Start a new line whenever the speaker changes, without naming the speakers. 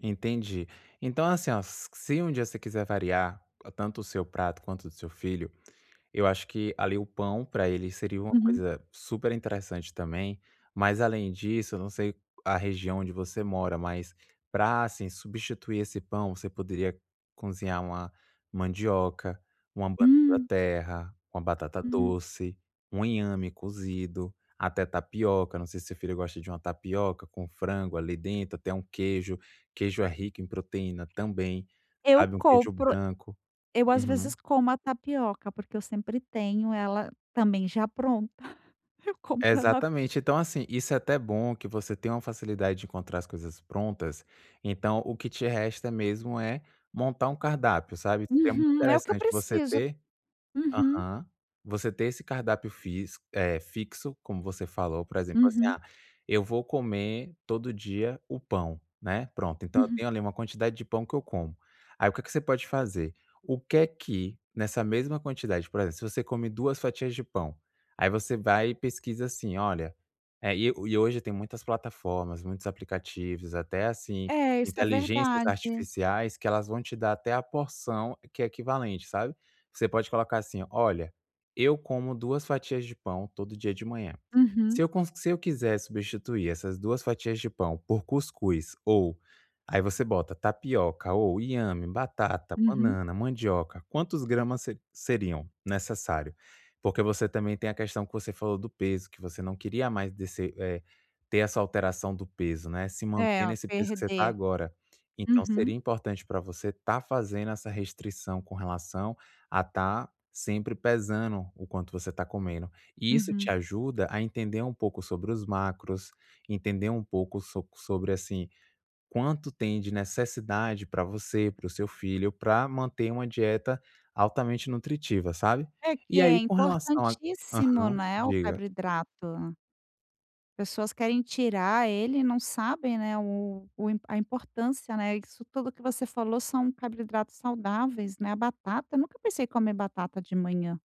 Entendi. Então, assim, ó, se um dia você quiser variar tanto o seu prato quanto o do seu filho, eu acho que o pão, para ele, seria uma
Uhum.
coisa superinteressante também. Mas, além disso, eu não sei a região onde você mora, mas, para substituir esse pão você poderia cozinhar uma mandioca, uma
Hum.
banana-da-terra, uma
Hum.
batata-doce, um inhame cozido, até tapioca. Não sei se seu filho gosta de uma tapioca com frango ali dentro, até um queijo. Queijo é rico em proteína também,
Eu
sabe? Um queijo
compro.
branco.
Eu, às
Uhum.
vezes, como a tapioca porque eu sempre tenho ela também já pronta, eu compro ela pron
Exatamente. Então, assim, isso é até bom que você tem uma facilidade de encontrar as coisas prontas. Então, o que te resta mesmo é montar um cardápio, sabe? Seria muito
Uhum. É o que eu
interessante você
preciso.
ter
Uhum.
aham, você ter esse cardápio físico, eh, fixo, como você falou. Por exemplo, assim:
Uhum.
"Ah, eu vou comer todo dia o pão", né? Pronto, então eu
Uhum.
tenho ali uma quantidade de pão que eu como. Aí, o que é que você pode fazer? O que é que, nessa mesma quantidade, por exemplo, se você come duas fatias de pão, aí você vai e pesquisa, assim; "Olha" e hoje tem muitas plataformas, muitos aplicativos, até, assim,
É, isso é
inteligências
verdade.
artificiais que vão te dar até a porção equivalente, sabe? Você pode colocar assim: "Olha, eu como duas fatias de pão todo dia de manhã.
Uhum.
Se con eu quisesse substituir essas duas fatias de pão por cuscuz" ou aí você coloca "tapioca, inhame, batata,
Uhum.
banana, mandioca, quantos gramas seriam necessários?" Porque você também tem a questão que você falou do peso, que você não queria mais descer eh, ter essa alteração do peso, né? Se
É,
manter nesse peso em que está
perder.
agora. Então,
Uhum.
seria importante para você tá fazendo essa restrição, com relação a estar sempre pesando o quanto você está comendo. E isso te
Uhum.
ajuda a entender um pouco sobre os macros, entender um pouco sobre assim, quanto tem de necessidade para você, para o seu filho, para manter uma dieta altamente nutritiva, sabe?
É que
E
é
aí, com relação a
importantíssimo,
aham,
né, o
diga.
carboidrato. Pessoas querem tirar ele e não sabem, né, o o a importância, né, isso tudo que você falou são carboidratos saudáveis, né, a batata, eu nunca pensei em comer batata de manhã.